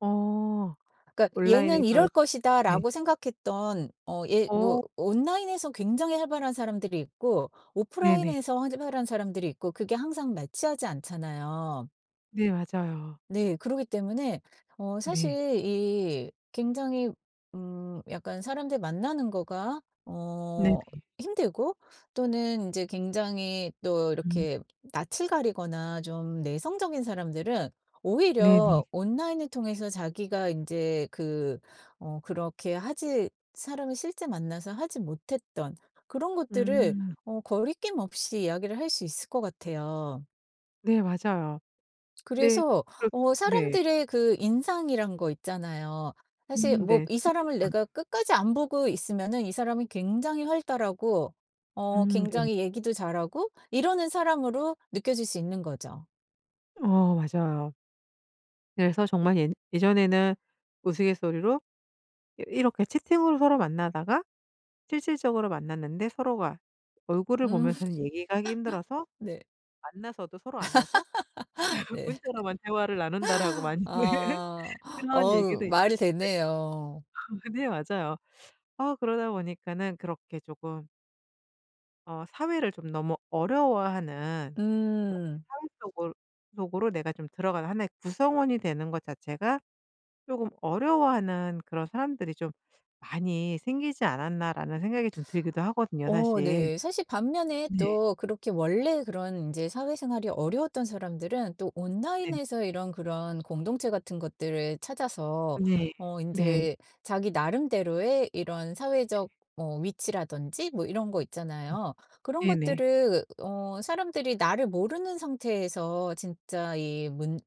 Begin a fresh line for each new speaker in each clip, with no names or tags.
어.
그러니까 '얘는
온라인에서요.
이럴
네.
것이다.'라고 생각했던 어 얘 뭐
어.
온라인에서 굉장히 활발한 사람들이 있고
네네.
오프라인에서 활발한 사람들이 있고 그게 항상 매치하지 않잖아요.
네 맞아요.
네. 그러기 때문에 어
네.
사실 이 굉장히 음 약간 사람들 만나는 거가
네네.
어 힘들고 또는 이제 굉장히 또
음.
이렇게 낯을 가리거나 좀 내성적인 사람들은
네네.
오히려 온라인을 통해서 자기가 인제 그 어 그렇게 하지 사람을 실제 만나서 하지 못했던 그런 것들을
음.
어 거리낌 없이 이야기를 할 수 있을 것 같아요.
네 맞아요. 네
그래서
그러게
어
네.
사람들의 그 인상이란 거 있잖아요. 사실
음
뭐
네.
이 사람을
[unintelligible]
내가 끝까지 안 보고 있으면은 이 사람은 굉장히 활달하고 어
음 네.
굉장히 얘기도 잘하고 이러는 사람으로 느껴질 수 있는 거죠.
어 맞아요. 그래서 정말 예 예전에는 우스갯소리로 이 이렇게 채팅으로 서로 만나다가 실질적으로 만났는데 서로가 얼굴을
음.
보면서는 얘기가 하기 힘들어서
네.
만나서도 서로 앉아서
네.
문자로만 대화를 나눈다라고 많이
아.
그런
어
얘기도
말이
있었는데요.
되네요.
네 맞아요. 어 그러다 보니까는 그렇게 조금 어 사회를 좀 너무 어려워하는 그렇게
음.
사회 속으 속으로 내가 좀 들어가는 '1 의 구성원이 되는 것 자체가 조금 어려워하는 그런 사람들이 좀 많이 생기지 않았나.'라는 생각이 좀 들기도 하거든요,
어
사실.
네. 사실 반면에
네.
또 그렇게 원래 그런 이제 사회생활이 어려웠던 사람들은 또
네.
온라인에서 이런 그런 공동체 같은 것들을 찾아서
네.
어
네.
인제 자기 나름대로의 이런
네.
사회적 뭐 위치라든지 뭐 이런 거
음.
있잖아요. 그런
네네.
것들을 어 사람들이 나를 모르는 상태에서 진짜 이 문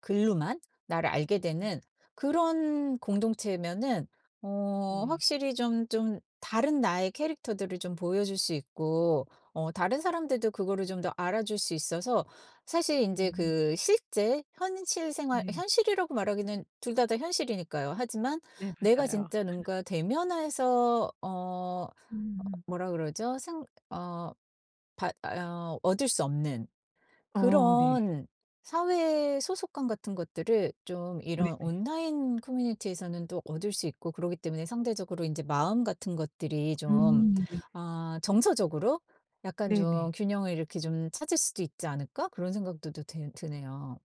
글로만 나를 알게
음.
되는 그런 공동체면은 어
네.
확실히 좀 좀 다른 나의 캐릭터들을 좀 보여줄 수 있고 어 다른 사람들도 그거를 좀 더 알아줄 수 있어서 사실 인제
네.
그 실제 현실 생활
네네.
현실이라고 말하기는 둘 다 다 현실이니까요. 하지만
네
내가
맞아요.
진짜 뭔가 대면해서 어
음음.
뭐라 그러죠? 생 어 받 어 얻을 수 없는
어 네.
그런 사회 소속감 같은 것들을 좀 이런
네네.
온라인 커뮤니티에서는 또 얻을 수 있고 그러기 때문에 상대적으로 이제 마음 같은 것들이 좀
음 네.
아 정서적으로 약간
네네.
좀 균형을 이렇게 좀 찾을 수도 있지 않을까 그런 생각도 또 되 드네요.